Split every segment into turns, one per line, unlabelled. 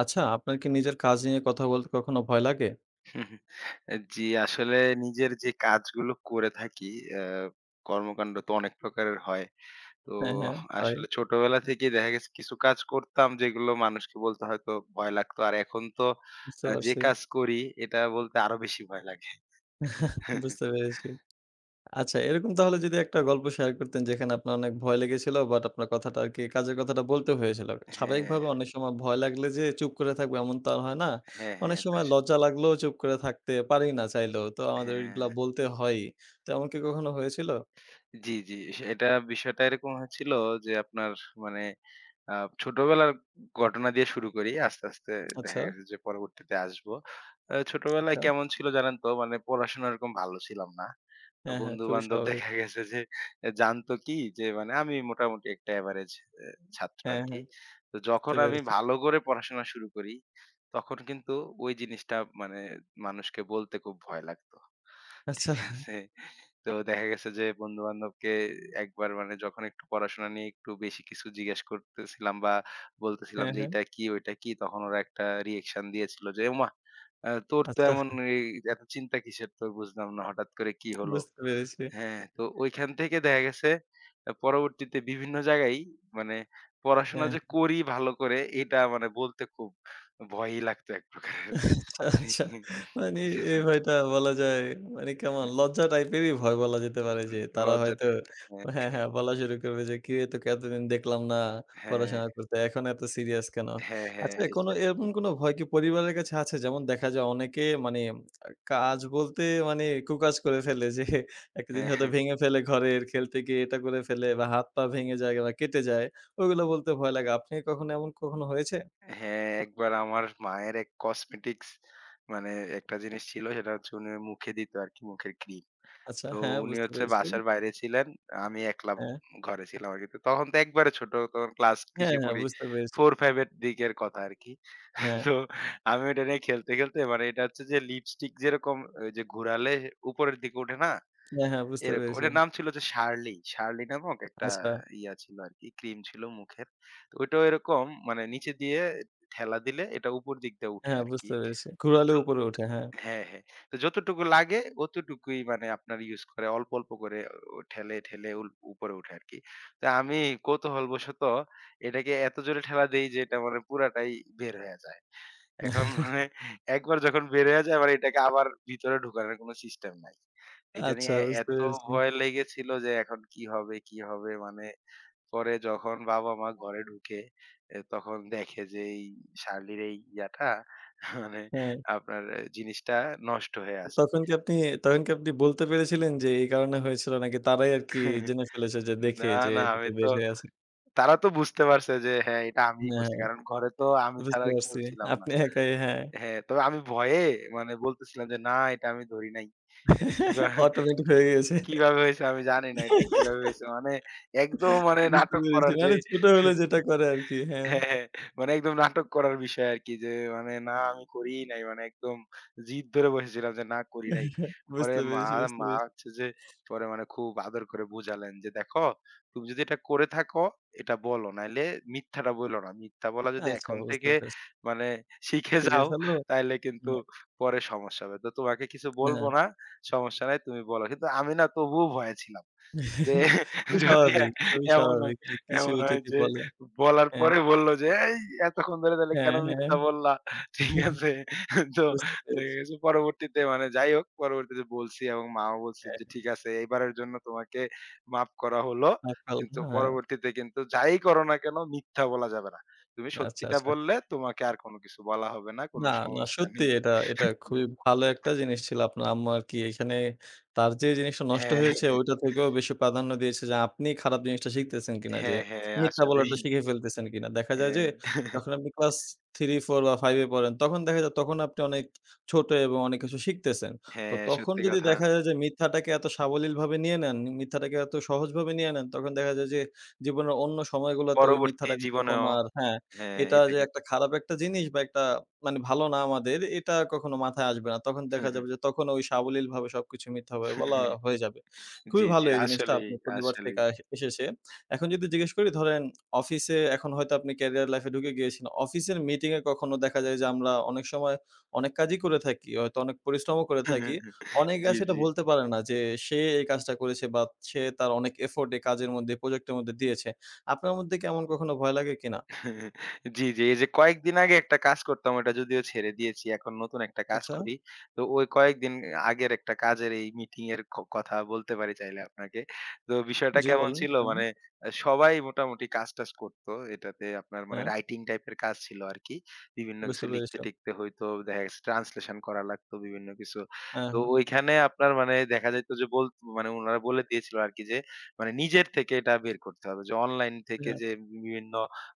আচ্ছা, আপনার কি নিজের কাজ নিয়ে কথা বলতে, কখনো ভয় লাগে?
আ জী, আসলে নিজের যে কাজগুলো করে থাকি আ কর্মকান্ড তো অনেক প্রকারের হয়। তো
হ্যাঁ, হ্যাঁ। তাই।
আসলে ছোটবেলা থেকেই দেখা গেছে কিছু কাজ করতাম, যেগুলো মানুষকে বলতে হয়তো ভয় লাগত। আর এখন তো
বুঝতে
আ যে
পারছি।
কাজ করি এটা বলতে আরো বেশি ভয় লাগে।
বুঝতে পেরেছি। আচ্ছা, এরকম তাহলে যদি একটা গল্প শেয়ার করতেন, যেখানে আপনার অনেক ভয় লেগেছিলো, বাট আপনার কথাটা আরকি কাজের কথাটা বলতে হয়েছিলো।
হ্যাঁ।
স্বাভাবিকভাবে অনেক সময় ভয় লাগলে যে চুপ করে থাকবো, এমন তো আর হয় না।
হ্যাঁ,
অনেক
হ্যাঁ।
সময়
তাস
লজ্জা লাগলেও, চুপ করে থাকতে পারি না, চাইলেও। তো আমাদের এগুলা
হ্যাঁ।
বলতে হয়ই তেমন কি কখনো হয়েছিল?
জী, জী। এটা বিষয়টা এরকম হয়েছিল যে, আপনার মানে আ ছোটবেলার ঘটনা দিয়ে শুরু করি। আস্তে, আস্তে দেখা
আচ্ছা।
গেছে যে পরবর্তীতে আসব। অ্যা ছোটবেলায়
আচ্ছা।
কেমন ছিল জানেন তো? মানে পড়াশোনা এরকম ভালো ছিলাম না। তো
হ্যাঁ, হ্যাঁ, খুবই
বন্ধু-বান্ধব
স্বাভাবিক।
দেখা গেছে, যে জানতো কি? যে মানে আমি মোটামুটি একটা এভারেজ অ্যা ছাত্র
হ্যাঁ,
আরকি।
হ্যাঁ,
তো
বুঝতে
যখন আমি
পেরেছি।
ভালো করে পড়াশোনা শুরু করি, তখন কিন্তু ওই জিনিসটা মানে মানুষকে বলতে খুব ভয় লাগত,
আচ্ছা।
ঠিক আছে? তো দেখা গেছে যে, বন্ধু-বান্ধবকে একবার মানে যখন একটু পড়াশোনা নিয়ে একটু বেশি কিছু জিজ্ঞেস করতেছিলাম, বা বলতেছিলাম
হ্যাঁ,
যে,
হ্যাঁ।
"এইটা কি, ঐটা কি?" তখন ওরা একটা রিঅ্যাকশন দিয়েছিল যে, "ওমা! অ্যা তোর তো
আচ্ছা।
এমন এই এত চিন্তা কিসের তো বুঝলাম না? হঠাৎ করে কি হলো?"
বুঝতে পেরেছি।
হ্যাঁ, তো ঐখান থেকে দেখা গেছে আ পরবর্তীতে বিভিন্ন জায়গায়ই মানে পড়াশোনা
হ্যাঁ।
যে করি ভালো করে, এটা মানে বলতে খুব ভয়ই লাগতো এক প্রকারের।
আচ্ছা, আচ্ছা। মানি
ঠিক
এই
আছে?
ভয়টা বলা যায়, মানি কেমন
হু।
লজ্জা টাইপেরই ভয় বলা যেতে পারে, যে তারা
লজ্জা
হয়তো
[unintelligible] হ্যাঁ,
হ্যাঁ,
হ্যাঁ।
হ্যাঁ, বলা শুরু করবে যে কিরে তোকে এতদিন দেখলাম না
হ্যাঁ।
পড়াশোনা করতে, এখন এত সিরিয়াস কেন?
হ্যাঁ, হ্যাঁ
আচ্ছা,
এই
কোনো এরকম কোনো ভয় কি পরিবারের কাছে আছে যেমন দেখা যায়, অনেকে মানি কাজ বলতে, মানি কু-কাজ করে ফেলে, যে একটা
এ
জিনিস হয়তো
হ্যাঁ।
ভেঙে ফেলে ঘরের খেলতে গিয়ে, এটা করে ফেলে বা হাত-পা ভেঙে যায়, বা কেটে যায়, ওগুলা বলতে ভয় লাগে, আপনি কখনো এমন কখনো হয়েছে?
হ্যাঁ, একবার আমার মায়ের এক কসমেটিক্স মানে অ্যা একটা জিনিস ছিল সেটা হচ্ছে উনি মুখে দিত আরকি মুখের ক্রিম।
আচ্ছা,
তো
হ্যাঁ,
উনি
বুঝতে
হচ্ছে
পেরেছি।
বাসার বাইরে ছিলেন। আমি একলা
হ্যাঁ।
ঘরে ছিলাম আরকি। তখন তো একবারে ছোট তখন ক্লাস
হ্যাঁ,
কিসে
হ্যাঁ,
পড়ি?
বুঝতে পেরেছি।
4 বা 5 এর দিকের কথা আরকি।
হ্যাঁ।
তো আমি ওটা নিয়ে খেলতে, খেলতে মানে এটা হচ্ছে যে লিপস্টিক যেরকম ওই যে ঘোরালে উপরের দিকে উঠে না।
হ্যাঁ, হ্যাঁ বুঝতে
এরকম
পেরেছি।
এটার নাম ছিল যে Shirley। Shirley নামক একটা
আচ্ছা।
ইয়া ছিল আরকি ক্রিম ছিল মুখের। তো ঐটাও এরকম মানে নিচে দিয়ে ঠেলা দিলে এটা উপর দিক দিয়ে উঠে
হ্যাঁ,
আরকি
বুঝতে পেরেছি। ঘুড়ালে
জ
উপরে উঠে। হ্যাঁ।
হ্যাঁ, হ্যাঁ। তো যতটুকু লাগে অতটুকুই মানে আপনারা ইউজ করে অল্প, অল্প করে অ ঠেলে, ঠেলে উল উপরে উঠে আরকি। তো আমি কৌতূহলবশত এটাকে এত জোরে ঠেলা দেই, যে এটা মানে পুরাটাই বের হয়ে যায়। এখন মানে একবার যখন বের হইয়া যায়, এবার এটাকে আবার ভিতরে ঢুকানোর কোন সিস্টেম নাই। এটা
আচ্ছা,
নিয়ে এ
বুঝতে
এত
পেরেছি।
ভয় লেগেছিল, যে এখন কি হবে, কি হবে? মানে পরে যখন বাবা-মা ঘরে ঢুকে এ তখন দেখে যে, এই Shirley এর এই ইয়াটা মানে
হ্যাঁ।
আপনার জিনিসটা নষ্ট হয়ে আছে।
তখন কি আপনি, তখন কি আপনি বলতে পেরেছিলেন, যে এই কারণে হয়েছিল, নাকি তারাই আরকি জেনে ফেলেছে, যে
না,
দেখে যে
না।
একটু
আমি তো
বের হয়ে আছে?
তারা তো বুঝতে পারছে যে হ্যাঁ, এটা আমিই করছি।
হ্যাঁ,
কারণ ঘরে তো আমি
বুঝতে
ছাড়া আর কেউ
পারছি।
ছিলাম না
আপনি একাই, হ্যাঁ।
হ্যাঁ, তো আমি ভয়ে মানে বলতেছিলাম যে, "না, এটা আমি ধরি নাই। এটা কিভা
automatic
কি
হয়ে গেছে।
কিভাবে হইছে আমি জানি না। এটা কিভাবে হয়েছে?" মানে একদম মানে
বুঝতে
নাটক
পেরেছি।
করার যে
মানি ছোট হলে যেটা করে আরকি, হ্যাঁ।
হ্যাঁ, হ্যাঁ। মানে একদম নাটক করার বিষয় আরকি যে মানে, না আমি করি নাই। মানে একদম জিদ ধরে বসেছিলাম যে না করি নাই। পরে
বুঝতে
মা
পেরেছি, বুঝতে
মা
পেরেছি।
হচ্ছে যে পরে মানে খুব আদর করে বুঝালেন যে, "দেখো তুমি যদি এটা করে থাকো এটা বলো, নাইলে মিথ্যাটা বইলো না। মিথ্যা বলা যদি
আচ্ছা,
এখন
বুঝতে
থেকে
পারছি।
মানে শিখে
ঠিক
যাও,
আছিলো
তাইলে কিন্তু
হ্যাঁ।
পরে সমস্যা হবে। তো তোমাকে কিছু বলব
হ্যাঁ।
না, সমস্যা নাই। তুমি বলো।" কিন্তু আমি না তবুও ভয়ে ছিলাম। যে
খুবই
যদি
স্বাভাবিক, খুবই
এমন হয়
স্বাভাবিক যে কিছু
এমন হয়
যদি
যে
বলে,
বলার
হ্যাঁ।
পরে বলল যে, "এই এতক্ষণ ধরে তাহলে
হ্যাঁ,
কেন
হ্যাঁ।
মিথ্যা বললা।" ঠিক আছে? তো
বুঝতে পেরেছি।
দেখেছি পরবর্তীতে মানে যাই হোক পরবর্তীতে বলছি এবং মাও বলছে যে,
হ্যাঁ।
"ঠিক আছে, এইবারের জন্য তোমাকে মাফ করা হলো।" কিন্তু
[unintelligible] হ্যাঁ।
পরবর্তীতে কিন্তু যাই করো না কেন মিথ্যা বলা যাবে না। তুমি
আচ্ছা,
সত্যিটা
আচ্ছা।
বললে তোমাকে আর কোন কিছু বলা হবে না। কোন
না, না।
সমস্যা
সত্যি
নেই।
এটা এটা খুবই ভালো একটা জিনিস ছিল, আপনার আম্মা আরকি এখানে তার যে জিনিসটা নষ্ট
হ্যাঁ।
হয়েছে, ওইটা থেকেও বেশি প্রাধান্য দিয়েছে, যে আপনি খারাপ জিনিসটা শিখতেছেন কিনা। যে
হ্যাঁ, হ্যাঁ,
মিথ্যা
আসলেই।
বলাটা শিখে ফেলতেছেন কিনা। দেখা যায় যে,
হ্যাঁ।
যখন আপনি ক্লাস 3, 4 বা 5 এ পড়েন তখন দেখা যায় তখন আপনি অনেক ছোট, এবং অনেক কিছু শিখতেছেন। তো
হ্যাঁ,
তখন
সত্যি
যদি
কথা।
দেখা যায় যে, মিথ্যাটাকে এত সাবলীলভাবে নিয়ে নেন মিথ্যাটাকে এত সহজভাবে নিয়ে নেন, তখন দেখা যায় যে জীবনের অন্য সময়গুলাতে ওই
পরবর্তী
মিথ্যাটাকে তখন
জীবনেও,
আর হ্যাঁ,
হ্যাঁ,
এটা
এটা
যে
কিন
একটা খারাপ একটা জিনিস, বা একটা মানি ভালো না আমাদের এটা কখনো মাথায় আসবে না। তখন
হু,
দেখা
হু।
যাবে যে, তখনও ওই সাবলীলভাবে সবকিছু মিথ্যা বলা হয়ে যাবে।
জী,
খুবই
জী।
ভালো এই জিনিসটা
আসলেই,
আপনি পরিবার থেকে
আসলেই।
আস এসেছে। এখন যদি জিজ্ঞেস করি ধরেন অফিসে এখন হয়তো আপনি ক্যারিয়ার লাইফে ঢুকে গিয়েছেন। অফিসের মিটিং এ কখনো দেখা যায় যে আমরা অনেক সময় অনেক কাজই করে থাকি। হয়তো অনেক পরিশ্রমও করে থাকি। অনেকে
জী,
আছে এটা
জী।
বলতে পারে না যে, সে এই কাজটা করেছে বা সে তার অনেক এফোর্ট এই কাজের মধ্যে এই প্রজেক্টের মধ্যে দিয়েছে। আপনার মধ্যে কি এমন কখনো ভয় লাগে কিনা?
জী, জী। এই যে কয়েকদিন আগে একটা কাজ করতাম, ওটা যদিও ছেড়ে দিয়েছি। এখন নতুন একটা কাজ
আচ্ছা।
করি। তো ওই কয়েকদিন আগের একটা কাজের এই মিটিংয়ের ক কথা বলতে পারি চাইলে আপনাকে। তো বিষয়টা
জী,
কেমন
বলেন
ছিল?
আন
মানে সবাই মোটামুটি কাজ টাজ করত। এটাতে আপনার মানে
হ্যাঁ।
রাইটিং টাইপের কাজ ছিল আরকি। বিভিন্ন কিছু
বুঝতে পেরেছি।
লিখতে-টিখতে হয়তো দেখা গেছে, ট্রান্সলেশন করা লাগতো বিভিন্ন কিছু।
হ্যাঁ,
তো
হ্যাঁ।
ঐখানে আপনার মানে দেখা যাইত যে, বলত মানে উনারা বলে দিয়েছিল আরকি, যে মানে নিজের থেকে এটা বের করতে হবে। যে অনলাইন থেকে
ইয়া
যে বিভিন্ন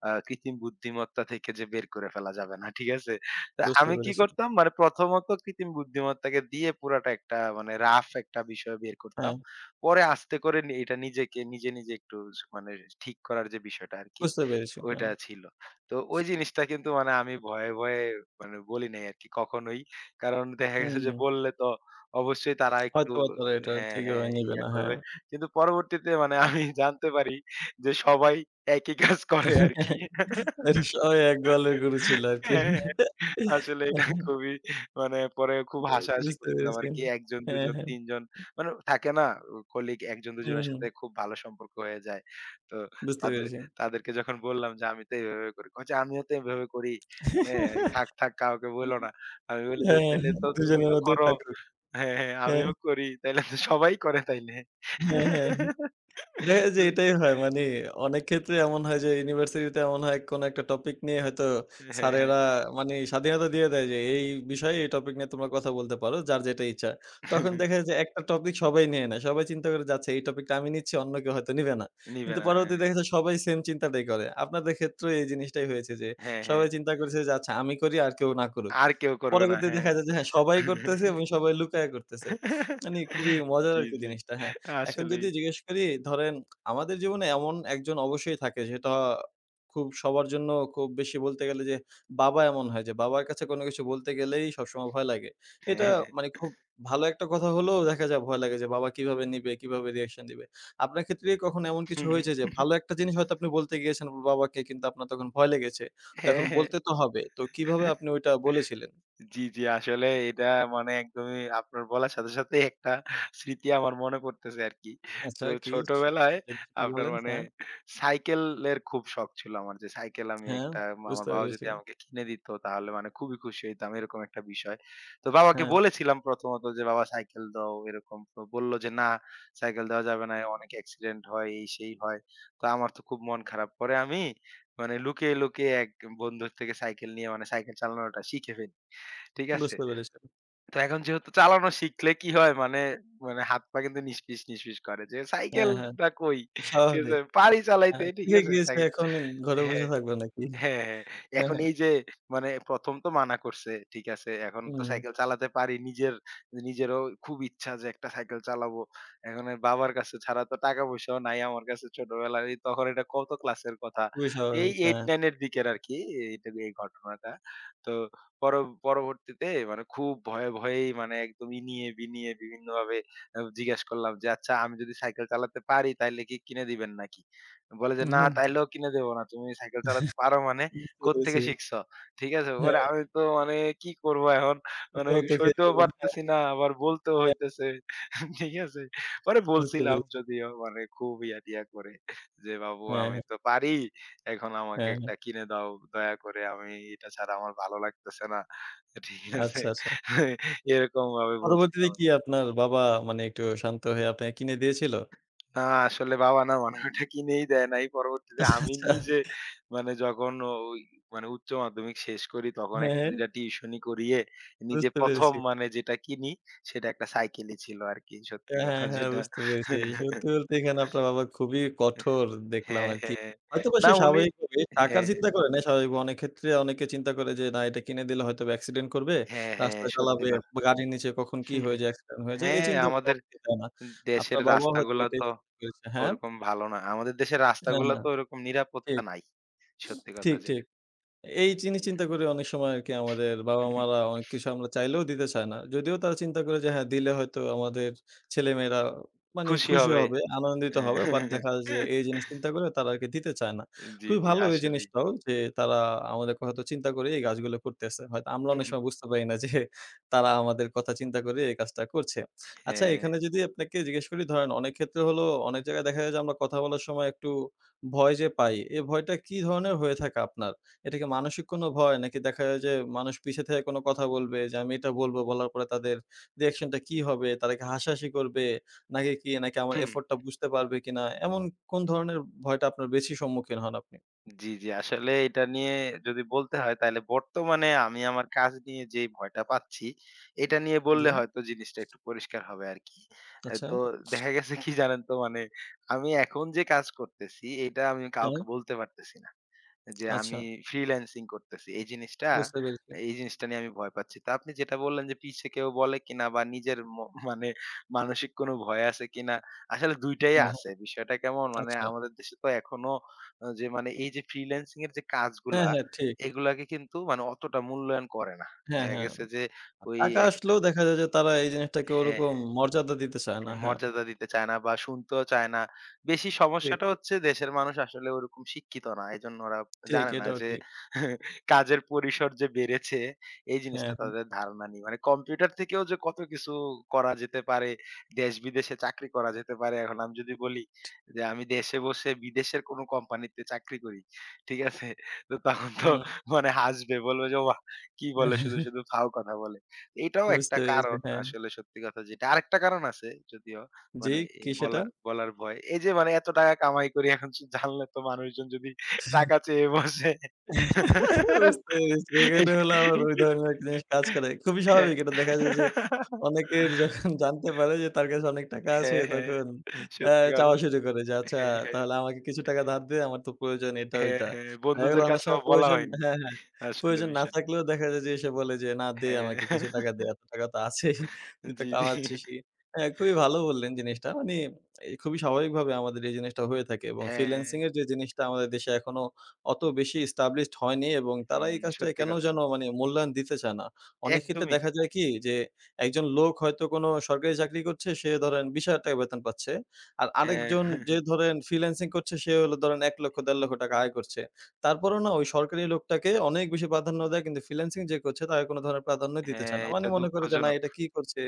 আ কৃত্রিম বুদ্ধিমত্তা থেকে যে বের করে ফেলা যাবে না। ঠিক আছে? তো
বুঝতে
আমি কি
পেরেছি।
করতাম? মানে প্রথমত কৃত্রিম বুদ্ধিমত্তাকে দিয়ে পুরাটা একটা মানে রাফ একটা বিষয় বের করতাম।
হ্যাঁ।
পরে আস্তে করে এটা নিজেকে নিজে, নিজে একটু মানে ঠিক করার যে বিষয়টা আরকি
বুঝতে পেরেছি,
ওইটা
হ্যাঁ।
ছিল। তো ওই জিনিসটা কিন্তু মানে আমি ভয়ে ভয়ে মানে বলি নাই, আরকি কখনোই। কারণ দেখা
হুম,
গেছে যে
হুম।
বললে তো অবশ্যই তারা একটু
হয়তোবা তারা এটা
হ্যাঁ,
ঠিকভাবে
হ্যাঁ
নিবে
ইয়া
না, হ্যাঁ।
করবে। কিন্তু পরবর্তীতে মানে আমি জানতে পারি, যে সবাই একই কাজ করে আরকি
অস সবাই এক গোয়ালের গরু ছিল আরকি।
হ্যাঁ, হ্যাঁ। আসলে এটা খুবই মানে পরে
উ
খুব হাসাহাসি
বুঝতে
করছিলাম
পেরেছি,
আরকি। একজন,
হ্যাঁ,
দুজন,
হ্যাঁ।
তিনজন মানে থাকে না উ কলিগ ১ জন, ২ জন
হুম,
এর
হুম।
সাথে খুব ভালো সম্পর্ক হয়ে যায়। তো
বুঝতে
তাদের
পেরেছি।
তাদেরকে যখন বললাম যে, "আমি তো এভাবে করি। কই যে, আমিও তো এভাবে করি, হ্যাঁ। থাক, থাক কাউকে বইলো না।" আমি বলি যে,
হ্যাঁ,
"তাইলে তো
দুজনের
তুমিও
মধ্যেই
করো?"
থাকবে,
হ্যাঁ, হ্যাঁ
হ্যাঁ।
আমিও করি। তাইলে তো সবাই করে তাইলে।
হ্যাঁ, হ্যাঁ। দেখা যায় যে, এটাই হয় মানি অনেক ক্ষেত্রে এমন হয় যে ইউনিভার্সিটি তে এমন হয় কোন একটা টপিক নিয়ে হয়তো
এ হ্যাঁ, হ্যাঁ।
স্যারেরা মানি স্বাধীনতা দিয়ে দেয় যে, এই, এই বিষয়ে এই টপিক নিয়ে তোমরা কথা বলতে পারো, যার যেটা ইচ্ছা। তখন দেখা যায় যে একটা টপিক সবাই নিয়ে নেয়। সবাই চিন্তা করে যাচ্ছে, এই টপিক টা আমি নিচ্ছি অন্য কেউ হয়তো নিবে না।
নিবে
কিন্তু
না, হ্যাঁ।
পরবর্তীতে দেখা যায় সবাই সেম চিন্তাটাই করে। আপনাদের ক্ষেত্রেও এই জিনিসটাই হয়েছে, যে
হ্যাঁ, হ্যাঁ।
সবাই চিন্তা করেছে যে, আচ্ছা আমি করি আর কেউ না করুক।
আর কেউ করবে না,
পরবর্তীতে
হ্যাঁ।
দেখা যায় যে, হ্যাঁ সবাই করতেছে এবং সবাই লুকাইয়া করতেছে। মানি খুবই মজার
জী,
আরকি
জী,
জিনিসটা, হ্যাঁ। এখন
আসলেই।
যদি জিজ্ঞেস করি ধরেন আমাদের জীবনে এমন একজন অবশ্যই থাকে সেটা খুব সবার জন্য খুব বেশি বলতে গেলে, যে বাবা এমন হয় যে বাবার কাছে কোন কিছু বলতে গেলেই সবসময় ভয় লাগে। এটা
হ্যাঁ।
মানি খুব ভালো একটা কথা হলেও দেখা যায় ভয় লাগে যে বাবা কীভাবে নিবে? কীভাবে রিঅ্যাকশন দিবে? আপনার ক্ষেত্রে কখনো এমন কিছু হয়েছে যে ভালো একটা জিনিস হয়তো আপনি বলতে গিয়েছেন বাবাকে কিন্তু আপনার তখন ভয় লেগেছে? তো
হ্যাঁ,
এখন
হ্যাঁ।
বলতে তো হবে। তো কিভাবে আপনি ওইটা বলেছিলেন?
জী, জী। আসলে এটা মানে একদমই আপনার বলার সাথে, সাথেই একটা স্মৃতি আমার মনে পড়তেছে আরকি।
আচ্ছা,
তো
কি
ছোটবেলায়
সেটা যদি
আপনার
বলেন,
মানে
হ্যাঁ?
সাইকেলের খুব শখ ছিল আমার যে সাইকেল, আমি
হ্যাঁ,
একটা আমার
বুঝতে
বাবা
পেরেছি।
যদি আমাকে কিনে দিত তাহলে মানে খুবই খুশি হইতাম, এরকম একটা বিষয়। তো বাবাকে
হ্যাঁ।
বলেছিলাম প্রথমত যে, "বাবা সাইকেল দাও এরকম।" তো বলল যে, "না সাইকেল দেওয়া যাবে না। অনেক অ্যাক্সিডেন্ট হয়।" এই, সেই হয়। তো আমার তো খুব মন খারাপ পরে আমি মানে লুকিয়ে, লুকিয়ে এক বন্ধুর থেকে সাইকেল নিয়ে মানে সাইকেল চালানোটা শিখে ফেলি। ঠিক আছে?
বুঝতে পেরেছি।
তো এখন যেহেতু চালানো শিখলে কি হয় মানে মানে হাত-পা কিন্তু নিসফিস, নিসফিস করে। যে
হ্যাঁ, হ্যাঁ
সাইকেলটা কৈ, ঠিক আছে?
স্বাভাবিক।
পাড়ি চালাইতে
হ্যাঁ,
ঠিক
শিখে
আছে,
গিয়েছে
সাইকেল।
এখন ঘরে বসে
হ্যাঁ,
থাকবে নাকি?
হ্যাঁ, হ্যাঁ। এখন
হ্যাঁ।
এই যে মানে ১ম তো মানা করছে, ঠিক আছে। এখন তো
হুম।
সাইকেল চালাতে পারি। নিজের নিজেরও খুব ইচ্ছা যে একটা সাইকেল চালাবো। এখন বাবার কাছে ছাড়া তো টাকা পয়সাও নাই আমার কাছে ছোটবেলায়। তখন এটা কত ক্লাসের কথা।
খুবই
এই
স্বাভাবিক,
এইট
হ্যাঁ।
নাইন এর দিকে আরকি এই টাইমের ঘটনাটা। তো পর পরবর্তীতে মানে খুব ভয়ে, ভয়েই মানে একদম ইনিয়ে বিনিয়ে বিভিন্নভাবে আ জিজ্ঞেস করলাম যে, "আচ্ছা, আমি যদি সাইকেল চালাতে পারি তাইলে কি কিনে দিবেন নাকি?" বলে যে,
উ
"না
হুম।
তাইলেও কিনে দেব না। তুমি সাইকেল চালাতে পারো মানে
বুঝতে
কোত্থেকে
পেরেছি।
শিখছো?" ঠিক আছে, ওরে
হ্যাঁ।
আমি তো মানে কি করব, এখন মানে সইতেও
[unintelligible]
পারতেছি না। আবার বলতেও
হ্যাঁ।
হইতেছে, ঠিক আছে? পরে
বুঝতে
বলছিলাম
পেরেছি।
যদিও মানে খুব ইয়া টিয়া করে যে, "বাপু
হ্যাঁ,
আমি
হ্যাঁ।
তো পারি। এখন আমাকে
হ্যাঁ, হ্যাঁ।
একটা কিনে দাও। দয়া করে, আমি এটা ছাড়া আমার ভালো লাগতেছে না।" ঠিক আছে?
আচ্ছা, আচ্ছা।
এরকমভাবে
পরবর্তীতে
বলছিলাম।
কি আপনার বাবা মানি একটু শান্ত হয়ে আপনাকে কিনে দিয়েছিল?
না, আসলে বাবা না মানে ঐটা কিনেই দেয় নাই। পরবর্তীতে
আচ্ছা,
আমি
আচ্ছা।
নিজে মানে যখন ঐ মানে উচ্চ মাধ্যমিক শেষ করি, তখন একটা
হ্যাঁ।
২ টা টিউশনি করিয়ে নিজে
বুঝতে
১ম
পেরেছি।
মানে যেটা কিনি সেটা একটা সাইকেলি ছিল আরকি। সত্যি
হ্যাঁ, হ্যাঁ,
কথা
হ্যাঁ।
যেটা
বুঝতে পেরেছি, সত্যি বলতে, এখানে আপনার বাবা খুবই কঠোর দেখলাম
হ্যাঁ,
আরকি।
হ্যাঁ।
হয়তোবা
না
সে
উনি
স্বাভাবিকভাবে টাকার
হ্যাঁ।
চিন্তা করে নাই, স্বাভাবিক অনেক ক্ষেত্রে অনেকে চিন্তা করে যে, না এটা কিনে দিলে হয়তোবা অ্যাক্সিডেন্ট করবে
হ্যাঁ, হ্যাঁ।
রাস্তা
সত্যি
চালাবে
কথা
গাড়ির নীচে কখন কি
হু,
হয়ে
হু,
যায়, অ্যাক্সিডেন্ট হয়ে যায়, এই
হ্যাঁ,
চিন্তা করে
আমাদের
অনেকে দেয় না।
দেশের
আপনার বাবাও হয়তো
রাস্তাগুলা
এটাই
তো
চিন্তা করেছে, হ্যাঁ?
ওরকম ভালো না। আমাদের দেশের
হ্যাঁ,
রাস্তাগুলা
হ্যাঁ।
তো ওরকম নিরাপত্তা
ঠিক,
নাই। সত্যি কথা
ঠিক,
যেটা।
ঠিক। এই জিনিস চিন্তা
হু।
করে অনেক সময় আরকি আমাদের বাবা-মারা অনেক কিছু আমরা চাইলেও দিতে চায় না। যদিও তারা চিন্তা করে যে হ্যাঁ, দিলে হয়তো আমাদের ছেলেমেয়েরা মানি
খুশি
খুশি
হবে।
হবে আনন্দিত হবে। বাট দেখা যায় যে, এই জিনিস চিন্তা করে তারা আরকি দিতে চায় না।
জী,
খুবই
জী
ভালো এই
আসলেই।
জিনিসটাও যে তারা আমাদের কথা হয়তো চিন্তা করেই এই কাজগুলা করতেছে। হয়তো আমরা
হুম,
অনেক
হুম।
সময় বুঝতে পারি না, যে তারা আমাদের কথা চিন্তা করে এই কাজটা করছে। আচ্ছা
হ্যাঁ।
এখানে যদি আপনাকে জিজ্ঞেস করি ধরেন অনেক ক্ষেত্রে হলো অনেক জায়গায় দেখা যায়, যে আমরা কথা বলার সময় একটু ভয় যে পাই। এই ভয়টা কি ধরনের হয়ে থাকে আপনার? এটা কি মানসিক কোন ভয় নাকি দেখা যায়, যে মানুষ পিছে থেকে কোনো কথা বলবে, যে আমি এটা বলব বলার পরে তাদের রিঅ্যাকশন টা কি হবে? তারা কি হাসাহাসি করবে? নাকি কি নাকি আমার
হুম।
এফোর্ট টা বুঝতে পারবে কিনা? এমন কোন ধরনের ভয়টা আপনার বেশি সম্মুখীন হন আপনি?
জী, জী। আসলে এটা নিয়ে যদি বলতে হয়, তাইলে বর্তমানে আমি আমার কাজ নিয়ে যেই ভয়টা পাচ্ছি, এটা নিয়ে বললে
জী।
হয়তো জিনিসটা একটু পরিষ্কার হবে আরকি।
আচ্ছা।
তো দেখা গেছে কি জানেন? তো মানে আমি এখন যে কাজ করতেছি, এটা আমি কাউকে
হ্যাঁ।
বলতে পারতেছি না। যে
আচ্ছা।
আমি ফ্রিল্যান্সিং করতেছি। এই জিনিসটা
বুঝতে পেরেছি।
এই জিনিসটা নিয়ে আমি ভয় পাচ্ছি। তো আপনি যেটা বললেন, যে পিছে কেউ বলে কিনা, বা নিজের মো মানে মানসিক কোন ভয় আছে কিনা? আসলে ২ টাই
হ্যাঁ, হ্যাঁ।
আছে। বিষয়টা কেমন মানে
আচ্ছা।
আমাদের দেশে তো এখনো যে মানে এই যে ফ্রিল্যান্সিং এর যে
হ্যাঁ,
কাজগুলা
হ্যাঁ ঠিক।
এগুলাকে কিন্তু মানে অতটা মূল্যায়ন করে না।
হ্যাঁ
দেখা
,হ্যাঁ।
গেছে যে ওই
টাকা
একটা
আসলেও দেখা যায় যে, তারা এই জিনিসটাকে
হ্যাঁ,
ওরকম
হ্যাঁ।
মর্যাদা দিতে চায় না, হ্যাঁ।
মর্যাদা দিতে চায় না বা শুনতেও চায় না। বেশি
ঠিক।
সমস্যাটা হচ্ছে দেশের মানুষ আসলে ওরকম শিক্ষিত না। এজন্য ওরা
ঠিক
জানে না
এটাও
যে
ঠিক।
কাজের পরিসর যে বেড়েছে, এই
হ্যাঁ,
জিনিসটা
হ্যাঁ।
তাদের ধারণা নেই। মানে কম্পিউটার থেকেও যে কত কিছু করা যেতে পারে দেশ বিদেশে চাকরি করা যেতে পারে। এখন আমি যদি বলি যে, আমি দেশে বসে বিদেশের কোন কোম্পানিতে চাকরি করি। ঠিক আছে? তো তখন তো
হুম।
মানে হাসবে বলবে যে, "ওয়া! কি বলে শুধু, শুধু ফাউ কথা বলে।" এটাও একটা
বুঝতে পেরেছি,
কারণ
হ্যাঁ।
আসলে সত্যি কথা যেটা আরেকটা কারণ আছে, যদিও
জী,
মানে এই
কি সেটা?
বলা বলার ভয়। এই যে মানে এত টাকা কামাই করি এখন সেটা জানলে তো মানুষজন যদি টাকা চেয়ে বসে।
বুঝতে পেরেছি। এখানে হলো আবার ঐ ধরনের জিনিস কাজ করে। খুবই
হ্যাঁ।
স্বাভাবিক এটা দেখা যায়, যে অনেকের যখন জানতে পারে যে তার কাছে অনেক টাকা আছে
হ্যাঁ, হ্যাঁ,
তখন
হ্যাঁ।
অ্যা
সত্যি
চাওয়া
কথা।
শুরু করে যে, আচ্ছা,
হ্যাঁ, হ্যাঁ।
তাহলে আমাকে কিছু টাকা ধার দে। আমার তো প্রয়োজন এটা
হ্যাঁ,
ওইটা।
হ্যাঁ
দেখা গেলো
বন্ধুদের
অনেক
কাছেও
সময়
বলা
প্রয়োজন
হয়নি
হ্যাঁ, হ্যাঁ।
আসলে
প্রয়োজন না
বিষয়টা।
থাকলেও দেখা যায়, যে সে বলে যে, না দে
হ্যাঁ।
আমাকে কিছু টাকা দে। এত টাকা তো আছেই। তুই তো
জী, জী।
কামাচ্ছিসই হ্যাঁ, খুবই ভালো বললেন জিনিসটা। মানি এ খুবই স্বাভাবিকভাবে আমাদের এই জিনিসটা হয়ে থাকে এবং
হ্যাঁ।
ফ্রিল্যান্সিং এর যে জিনিসটা আমাদের দেশে এখনো অত বেশি ইস্টাবলিশড হয়নি এবং তারা
হুম,
এই কাজটা
সত্যি
কেন
কথা।
যেন মানি মূল্যায়ন দিতে চায় না। অনেক ক্ষেত্রে
একদমই।
দেখা যায় কি? যে একজন লোক হয়তো কোনো সরকারি চাকরি করছে, সে ধরেন ৳২০,০০০ বেতন পাচ্ছে। আর
হ্যাঁ।
আরেকজন যে ধরেন, ফ্রিল্যান্সিং করছে সে হলো ধরেন ৳১,০০,০০০-৳১,৫০,০০০ আয় করছে। তারপরেও না ওই সরকারি লোকটাকে অনেক বেশি প্রাধান্য দেয়, কিন্তু ফ্রিল্যান্সিং যে করছে তাকে কোন ধরণের প্রাধান্যই দিতে চায়
হ্যাঁ,
না। মানি
এটা
মনে করে যে, না
দুঃখজনক।
এটা কী করছে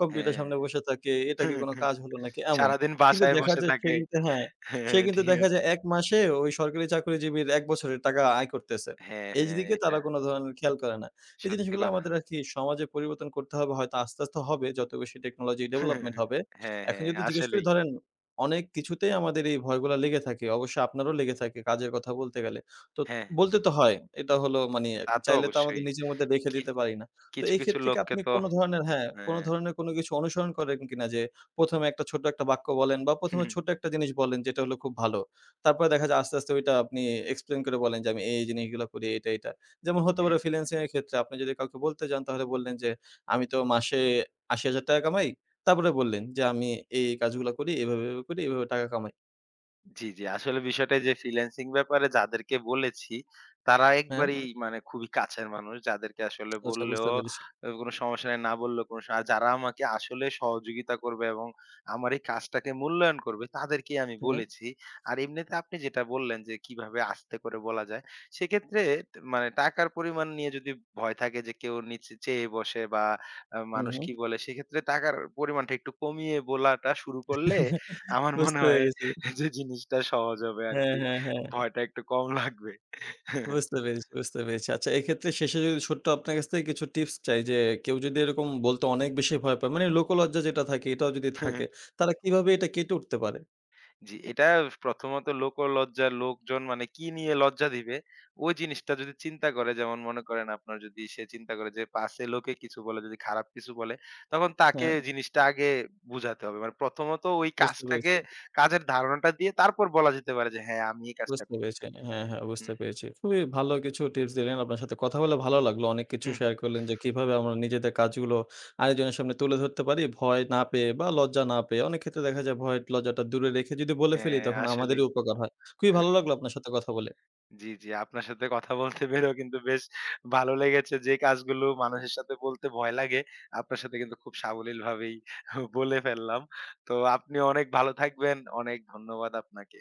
কম্পিউটারের
হ্যাঁ,
সামনে বসে থাকে এটা কি কোনো কাজ হলো নাকি এমন।
সারাদিন
কিন্তু
বাসায়
দেখা
বসে
যায় সেই
থাকে,
কিন্তু হ্যাঁ, সেই কিন্তু
ঠিক
দেখা
আছে?
যায় এক মাসে ওই, সরকারি চাকরিজীবীর এক বছরের টাকা আয় করতেছে।
হ্যাঁ, হ্যাঁ
এইদিকে
এটা
তারা কোনো ধরণের খেয়াল করে না। এই
সত্যি
জিনিসগুলা
কথা।
আমাদের আর কি সমাজে পরিবর্তন করতে হবে, হয়তো আস্তে, আস্তে হবে যত বেশি টেকনোলজি ডেভেলপমেন্ট হবে।
হ্যাঁ,
এখন
হ্যাঁ
যদি জিজ্ঞেস করি,
আসলেই।
ধরেন অনেক কিছুতেই আমাদের এই ভয়গুলা লেগে থাকে, অবশ্যই আপনারও লেগে থাকে কাজের কথা, বলতে গেলে তো
হ্যাঁ।
বলতে তো হয় এটা হলো মানি
তা তো
চাইলে তো আমাদের
অবশ্যই।
নিজের মধ্যে রেখে
কি
দিতে পারি না। তো
কিছু,
এই
কিছু
ক্ষেত্রে কি
লোককে
আপনি
তো
কোনো ধরনের, হ্যাঁ। কোনো
হ্যাঁ।
ধরনের কোনো কিছু অনুসরণ করেন কিনা যে ১ম এ একটা ছোট্ট একটা বাক্য বলেন বা
হু,
১ম এ
হুম।
ছোট্ট একটা জিনিস বলেন যেটা হল, খুব ভালো তারপরে দেখা যায় আস্তে, আস্তে ওইটা আপনি এক্সপ্লেইন করে বলেন যে আমি এই জিনিসগুলা করি এইটা, এইটা? যেমন হতে
হ্যাঁ।
পারে ফিন্যান্সিং এর ক্ষেত্রে আপনি যদি কাউকে বলতে যান তাহলে বললেন যে, আমি তো মাসে ৳৮০,০০০ কামাই। তারপরে বললেন যে, আমি এই, এই কাজগুলা করি এভাবে, এভাবে করি এভাবে টাকা কামাই।
জ্বি, জ্বি। আসলে বিষয়টা যে, ফ্রিল্যান্সিং ব্যাপারে যাদেরকে বলেছি, তারা
হ্যাঁ।
একবারেই মানে খুবই কাছের মানুষ যাদেরকে আসলে
আচ্ছা বুঝতে
বললেও
পেরেছি।
অ কোন সমস্যা নাই, না বললেও কোন সা যারা আমাকে আসলে সহযোগিতা করবে এবং আমার এই কাজটাকে মূল্যায়ন করবে, তাদেরকেই আমি
হ্যাঁ।
বলেছি। আর এমনিতে আপনি যেটা বললেন, যে, কিভাবে আস্তে করে বলা যায়? সেক্ষেত্রে তে মানে টাকার পরিমাণ নিয়ে যদি ভয় থাকে যে, কেউ নিচে চেয়ে বসে বা অ্যা মানুষ
উহু।
কি বলে, সেইক্ষেত্রে টাকার পরিমাণটা একটু কমিয়ে বলাটা শুরু করলে আমার মনে
বুঝতে
হয়
পেরেছি।
যে, জিনিসটা সহজ হবে
হ্যাঁ,
আরকি।
হ্যাঁ, হ্যাঁ।
ভয়টা একটু কম লাগবে।
বুঝতে পেরেছি, বুঝতে পেরেছি। আচ্ছা, এক্ষেত্রে শেষে যদি ছোট্ট আপনার কাছ থেকে কিছু টিপস চাই, যে, কেউ যদি এরকম বলতে অনেক বেশি ভয় পায়, মানে লোকলজ্জা যেটা থাকে এটাও যদি থাকে, তাহলে কিভাবে এটা কেটে উঠতে পারে?
জি। এটা প্রথমত লোকোলজ্জা, লোকজন মানে কি নিয়ে লজ্জা দিবে, ওই জিনিসটা যদি চিন্তা করে, যেমন মনে করেন আপনার যদি সে চিন্তা করে যে, পাছে লোকে কিছু বলে যদি খারাপ কিছু বলে, তখন তাকে
অ্যা
জিনিসটা আগে বুঝাতে হবে। মানে প্রথমত ওই
বুঝতে পেরেছি।
কাজটাকে কাজের ধারণাটা দিয়ে তারপর বলা যেতে পারে যে, হ্যাঁ, আমি এই কাজটা
বুঝতে
করি।
পেরেছি। হ্যাঁ, হ্যাঁ।
হু,
বুঝতে
হুম।
পেরেছি। খুবই ভালো কিছু টিপস দিলেন। আপনার সাথে কথা বলে ভালো লাগলো। অনেক কিছু
হু, হুম।
শেয়ার করলেন, যে, কিভাবে আমরা নিজেদের কাজগুলো আরেকজনের সামনে তুলে ধরতে পারি, ভয় না পেয়ে বা লজ্জা না পেয়ে। অনেক ক্ষেত্রে দেখা যায় ভয় একটু লজ্জাটা দূরে রেখে যদি বলে ফেলি,
হ্যাঁ,
তখন আমাদেরই
আসলেই।
উপকার হয়। খুবই
হ্যাঁ, হ্যাঁ।
ভালো লাগলো আপনার সাথে কথা বলে।
জি, জি। আপনার সাথে কথা বলতে পেরেও কিন্তু বেশ ভালো লেগেছে। যে, কাজগুলো মানুষের সাথে বলতে ভয় লাগে, আপনার সাথে কিন্তু খুব সাবলীলভাবেই হু, বলে ফেললাম। তো আপনি অনেক ভালো থাকবেন। অনেক ধন্যবাদ আপনাকে।